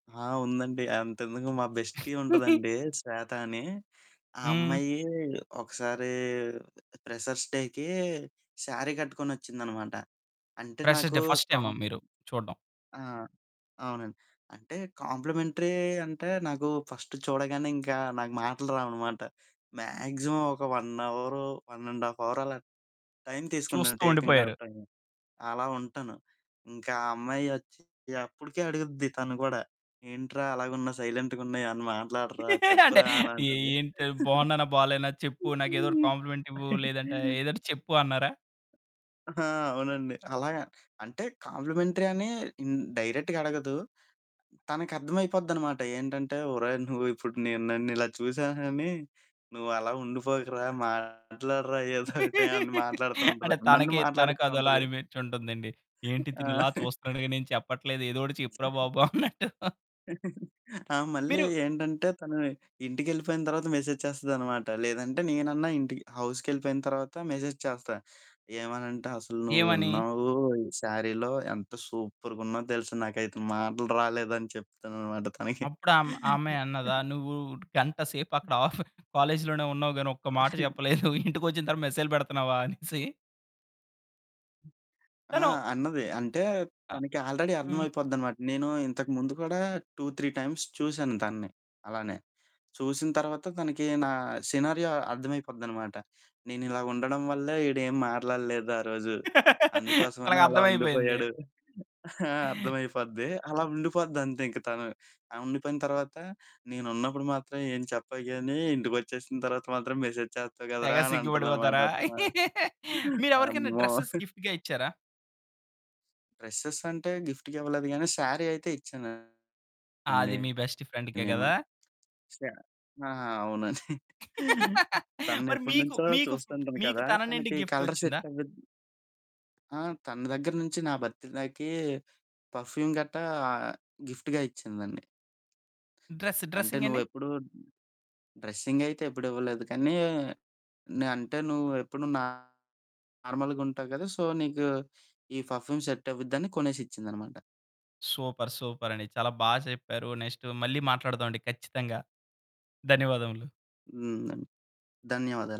ఆ! ఉందండి. అంతెందుకు మా బెస్టీ ఉంటుందండి శ్వేత అని. ఆ హ్మ్. అమ్మాయి ఒకసారీ ప్రెషర్స్ డేకి శారీ కట్టుకొనోచ్చిందనమాట. అంటే ప్రెషర్స్ నాకు డే ఫస్ట్ టైమా? కామ్ మీరు చూడడం? ఆ! అవునండి. అంటే కాంప్లిమెంటరీ అంటే నాకు ఫస్ట్ చూడగానే ఇంక నాకు మాటలు రావు అనమాట. మాక్సిమం ఒక 1 అవరు 1 1/2 అవర్ అలా టైం తీసుకుంటాను, చూస్తూ టేకింగ్ ఉండిపోయారు. ఆఫ్ టైము అలా ఉంటాను. ఇంక ఆ అమ్మాయి ఓచ్చి అప్పటికే అడుగుద్ది తను కూడా "ఏంట్రా అలాగున్నా సైలెంట్‌గున్న ఏమన్నా మాట్లాడరా అంటే. చెప్పురా?" అని "ఏ అంటది. ఏంటి బావున్నానా? బాలేనా చెప్పు? నాకు ఏదో ఒకటి కాంప్లిమెంట్ ఇవ్వు. లేదంటే ఏదైన చెప్పు" అన్నారా? ఆ! అవునండి. అలాగా అంటే కాంప్లిమెంటరీ అని హ్మ్, డైరెక్ట్‌గా అడగదు. తనకి అర్థమైపోద్ది అనమాట. ఏంటంటే "ఒరేయ్ నువ్వు ఇప్పుడు నేను నన్ను ఇలా చూసాను అని నువ్వు అలా ఉండిపోకురా, మాట్లాడరా ఏదో ఒకటి" అని అంటే మాట్లాడుతుంటదండి. నన్ను తనకి తనకు అదోలా మాట్లాడిస్తుంటది. అనిపించి ఉంటుందండి. "ఏంటి ఆ! తిను ఇలా చూస్తున్నాడు గానీ ఎం చెప్పట్లేదు? ఏదో ఒకటి చెప్పురా బాబు అన్నట్టు." ఆ! మళ్ళీ మీరు ఏంటంటే తను ఇంటికెళ్ళిపోయిన తర్వాత మెసేజ్ చేస్తది అనమాట. లేదంటే నేనన్నా ఇంటికి హౌస్‌కెళ్ళిపోయిన తర్వాత మెసేజ్ చేస్తా. ఏమనంటే "అసలు నువ్వు ఏమనీ? ఉన్నావు శారీలో ఎంత సూపర్‌గా ఉన్నావో తెలుస. నాకైతే మాటలు రాలేదని" చెప్తాననమాట తనకి. అప్పుడు ఆమె ఆ అమ్మాయ్ అన్నదా? "నువ్వు గంట సేపు అక్కడ ఆఫ్ కాలేజ్‌లోనే ఉన్నావు గాని ఒక్క మాట చెప్పలేదు. ఇంటికొచ్చిన తరువాత మెసేజ్లు పెడుతున్నావా" అనేసి. ఆ! తను అన్నది. అంటే ఆ! తనకి ఆల్రెడీ హ్మ్. అర్థమైపోద్ది అనమాట. నేను ఇంతకుముందు కూడా 2, 3 టైమ్స్ చూశాను తనని అలానే. చూసిన తర్వాత తనకి నా సినారియో అర్థమైపోద్ది అనమాట. "నేనిలా ఉండడం వల్లే వీడు ఏమి మాట్లాడలేదు ఆరోజు. అందుకోసమని తనకి అలా అర్థం అయిపోయింది. ఉండిపోయాడు." ఆ! అర్థమైపోద్ది అలా ఉండిపోద్ది అంతే ఇంక తను. ఆ! ఉండిపోయిన తర్వాత "నేనున్నప్పుడు మాత్రం ఏం చెప్పవు గాని ఇంటికొచ్చేసిన తర్వాత మాత్రం మెసేజ్ చేస్తావు తెగ కదరా!" అని సిగ్గు అంటుంది అనమాట. పడిపోతారా? అబ్బా! మీరు ఎవరికైనా అమ్మో! డ్రెసెస్ గిఫ్ట్‌గా ఇచ్చారా? డ్రెసెసంటే గిఫ్ట్‌గా ఇవ్వలేదు కాని. శారీ అయితే ఇచ్చానండి అది మీ బెస్ట్ ఫ్రెండ్‌కే నేను. కదా? శా ఆ! అవును. తనని మరి మీకు ఎప్పటినుంచో మీకు చూస్తుంటాను మీకు కదా! తన నుండి తనకి గిఫ్ట్ కలర్ సెట్ వచ్చిందా? అవ్విద ఆ! తన దగ్గర నుంచి నా భర్తడే‌కి పర్ఫ్యూమ్ గట్టా గిఫ్ట్‌గా ఇచ్చిందండి. డ్రెస్ అంటే నువ్వు డ్రెసింగండి? ఎప్పుడూ డ్రెస్సింగైతే ఎప్పుడు ఇవ్వలేదు కానీ. అంటే నువ్వు ఎప్పుడు నార్మల్‌గా ఉంటావు కదా! సో, నీకు ఈ ఫఫ్యూమ్ సెట్టవుద్దని కొనేసిచ్చింది అన్నమాట. సూపర్. సూపర్. అండి చాలా బాగా చెప్పారు. నెక్స్టు మళ్ళీ మాట్లాడదాం అండి ఖచ్చితంగా. ధన్యవాదములు. హ్మ్ అండి. ధన్యవాదాలు.